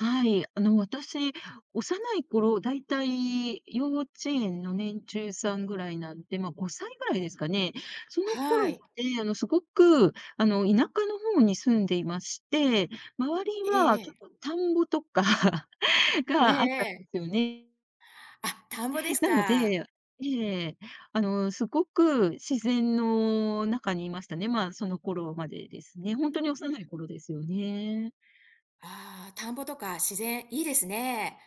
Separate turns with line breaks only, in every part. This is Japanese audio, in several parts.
はい。あの私、幼い頃、大体、幼稚園の年中さんぐらいなんで、ま、5歳ぐらいですかね。その
は
頃っ
い。
て、あのすごく、あの田舎の方に住んでいまして、周り
ええ
は、ちょ
ええ。
っと田んぼとか、
ええ
が、あった
え
ん
え。
ですよね。
あ、田んぼです
なの
か。
でええ、あの、凄く自然の中にいましたね、まあ、その頃までですね。ほんとに幼い頃ですよね。
あ、田んぼとか自然、いいですね。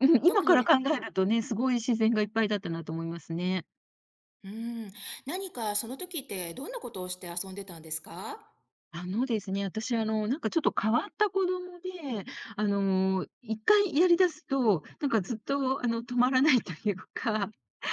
うん、
特
今か
に
ら
ね
考えるとね、凄い自然がいっぱいだったなと思いますね。
うーん、何か、そのときってどんなことをして遊んでたんですか？
あのですね、私、あの、なんかちょっと変わった子供で、あの、一回やりだすと、なんか、ずっとあの止まらないというか。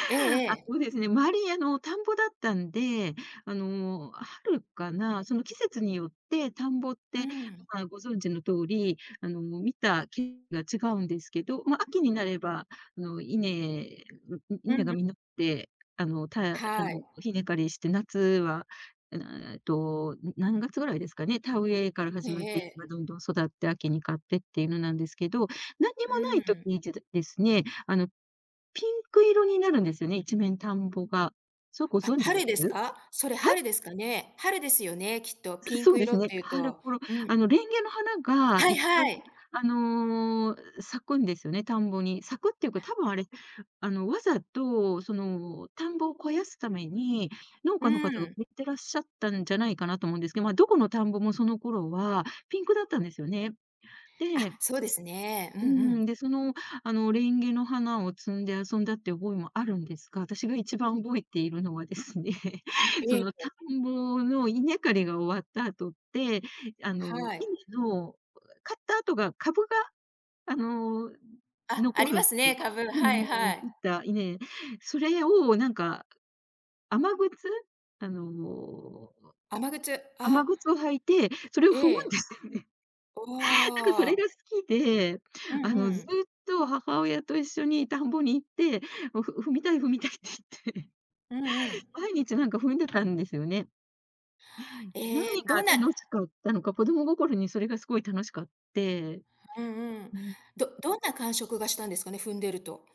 ええ
あ、
ええ。
そうですね、周りあの、田んぼだったんで、あの、春かな、その季節によって田んぼっ
う
て、
ん。
まあ、ご存知の通り、あの、見た、けが違うんですけど、ま、秋になれば、あの、稲、んん、
う
稲
ん、
が
う
実って、あの、たやあ
は
の、
い。
稲刈りして、夏は、あ、なな、えっと、何月ぐらいですかね、田植えから
へ
始まって、
え、ええ。
今どんどん育って秋に刈ってっていうのなんですけど、なんに
う
もな
ー
い時
ん。
にでど、ですね、あの、ピンク色になるんですよね、一面田んぼが。そ、ご
あ、
存知で
春
す？
ですか。それ
はい。
春ですかね。春ですよね、きっと。
ず
ピン
そう
ク
で
色
す
っ
ね。
ていう
春
と。
頃
う
あ
ん。
の、レンゲの花が
は
い
い
っぱい
はい。
あの、うう咲くんですよね、田んぼに、咲くっていうか、
あ。
多分あれ、あの、わざと、その、田んぼを肥やすために、農
う
家の方が
ん。
植えてらっしゃったんじゃないかなと思うんですけど、まあ、どこの田んぼもその頃は、ピンクだったんですよね。
あ、
で。
そうですね。うん-
うすう
う
ーん、
ん。
で、そのあの、レンゲの花を摘んで遊んだっていう覚えもあるんですが、私が一番覚えているのはですね、
え
そ
え、
の
え。
田んぼの稲刈りが終わった後って、あの、
はい。
稲の、うえ刈った後が株が、あの、ん、
あ、あ
残
り
る
ま
んで。
すね、株、
う
は
ぬ
いは
ん切っ
い。
た稲。それをなんか、雨靴、あの、お、
雨靴、
雨
ああ。
靴を履いて、それを
え
踏むんで
え。
すよね。
お、
なんかそれが好
あ。
きで、
う
あ
んう
のずっ
ん。
と母親と一緒に田んぼに行って、もう「ふ踏みたい踏みたい」って言って
うんうん。
毎日なんか踏んでたんですよね。
え、
何が
どんな
楽しかったのか、子供心にそれが凄い楽しかって。
うんうん。
うん。
どどんな感触がしたんですかね、踏んでると。